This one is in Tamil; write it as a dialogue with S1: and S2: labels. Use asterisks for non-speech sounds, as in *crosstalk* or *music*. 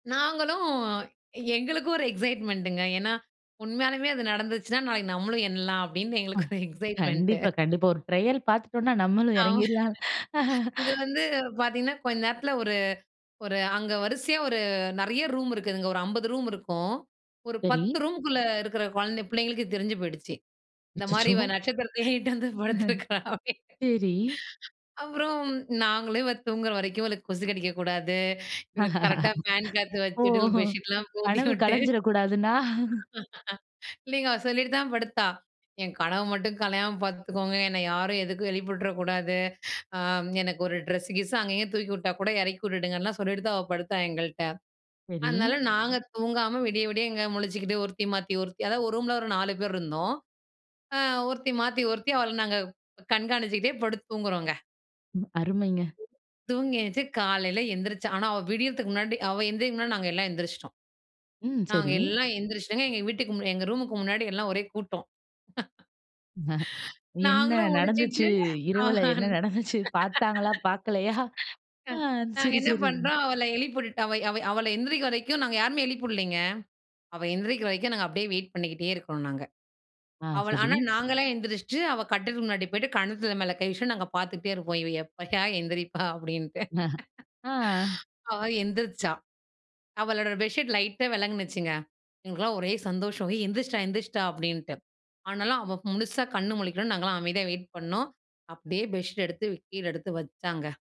S1: நாங்களும் எங்களுக்கும் ஒரு எக்ஸைட்மெண்டங்க ஏன்னா, உண்மையாலயுமே அது நடந்துச்சுனா நாளைக்கு நம்மளும் எண்ணலாம், அப்டின்னு எங்களுக்கு
S2: ம்.
S1: ஒரு எக்ஸைட்மெண்ட்டு.
S2: கண்டிப்பா, கண்டிப்பா. ஒரு ட்ரையல் பாத்துட்டோம்ன்னா நம்மளும்
S1: ஆமா.
S2: எறங்கிறலாம்.
S1: இது வந்து பார்த்தீங்கன்னா, கொஞ்ச நேரத்ல ஒரு ஒரு அங்க வரிசையா ஒரு நெறைய ரூம் இருக்குதுங்க. ஒரு 50 ரூம் இருக்கும். ஒரு
S2: சரி.
S1: 10 ரூம்க்குள்ள இருக்கற கொழந்த புள்ளைங்களுக்கு தெரிஞ்சு போய்டுச்சு. இந்த மாரி
S2: அச்சச்சோ!
S1: இவ நட்சத்திரத்தயே இட்டாந்து வந்து படுத்திருக்றா அப்படினு.
S2: சரி.
S1: அப்புறம் நாங்களும் இவள் தூங்குற வரைக்கும், இவளுக்கு கொசு கடிக்க கூடாது, இவளுக்கு கரெக்ட்டா ஃபேன் காத்து
S2: ஓ!
S1: வச்சுட்டு, பெட்ஷீட்லாம் போத்தி
S2: கனவு
S1: விட்டு,
S2: கலைஞ்சிரக்கூடாதுன்னா?
S1: இல்லைங்க. அவ சொல்லிட்டு தான் படுத்தா. என் கனவு மட்டும் கலையாம பாத்துக்கோங்க. என்ன யாரும் எதுக்கும் எழுப்பி விட்ற கூடாது. ஆம். எனக்கு ஒரு ட்ரெஸ்ஸு கிஸ்ஸு அங்கே இங்கே தூக்கி விட்டா கூட எறக்கி விட்டுடுங்கன்லாம் சொல்லிட்டு தான் அவள் படுத்தாள் எங்கள்ட்ட.
S2: சரி.
S1: அதனால நாங்க தூங்காம விடிய விடிய இங்க முழிச்சிக்கிட்டு ஒருத்தி மாத்தி ஒருத்தி, அதாவது ஒரு ரூம்ல ஒரு நாலு பேர் இருந்தோம். ஆ, ஒருத்தி மாத்தி ஒருத்தி அவள நாங்க கண்காணிச்சிக்கிட்டே படுத்து தூங்குறோங்க.
S2: ம். அருமைங்க.
S1: தூங்கி எந்திருச்சு காலையில எந்திரிச்சா, ஆனா அவ விடியறதுக்கு முன்னாடி அவ ஏந்திரிக்றதுக்கு முன்னாடி நாங்க எல்லாம் எந்திரிச்சுட்டோம்.
S2: ம்.
S1: நாங்க
S2: சரி.
S1: எல்லாம் எந்திரிச்சுட்டங்க. எங்க வீட்டுக் எங்க ரூம்க்கு முன்னாடி எல்லாம் ஒரே கூட்டம்.
S2: என்ன
S1: நாங்களும்
S2: நடந்துச்சு?
S1: முழிச்சுட்டு, ஆ.
S2: இரவுல என்ன நடந்துச்சு? பாத்தாங்களா, பாக்கலையா? அ.
S1: நாங்க
S2: சரி,
S1: என்ன
S2: சரி.
S1: பண்றோம், அவள எழுப்பி விட்டுட்டு, அவ அவ அவள எந்திரிக்கிற வரைக்கும் நாங்க யாருமே எழுப்பி வுடலைங்க. அவ எந்திரிக்கிற வரைக்கும், நாங்க அப்டியே வெயிட் பண்ணிக்கிட்டே இருக்குறோம் நாங்க.
S2: ஆ,
S1: அவள
S2: சரி.
S1: ஆனா நாங்கல்லாம் எந்திரிச்சுட்டு, அவ கட்டுலுக்கு முன்னாடி போய்ட்டு, கண்ணத்துல மேல கை வச்சுட்டு, நாங்க பாத்துக்கிட்டே இருக்கோம். இவ எப்பயா எந்திரிப்பா அப்டின்டு.
S2: *chuckles* ஆ.
S1: அவ எந்திரிச்சா. அவளோட பெட்ஷீட் லைட்டா வெலங்கினுச்சுங்க. எங்களுக்குல்லாம் ஒரே சந்தோஷம். "ஏய் எந்திரிச்சுட்டா எந்திரிச்சிட்டா", அப்டின்ட்டு. ஆனாலும் அவ முழுசா கண் முழிக்கணும்னு நாங்கலாம் அமைதியா வெயிட் பண்ணோம். அப்டியே பெட்ஷீட் எடுத்து கீழ எடுத்து வச்சாங்க.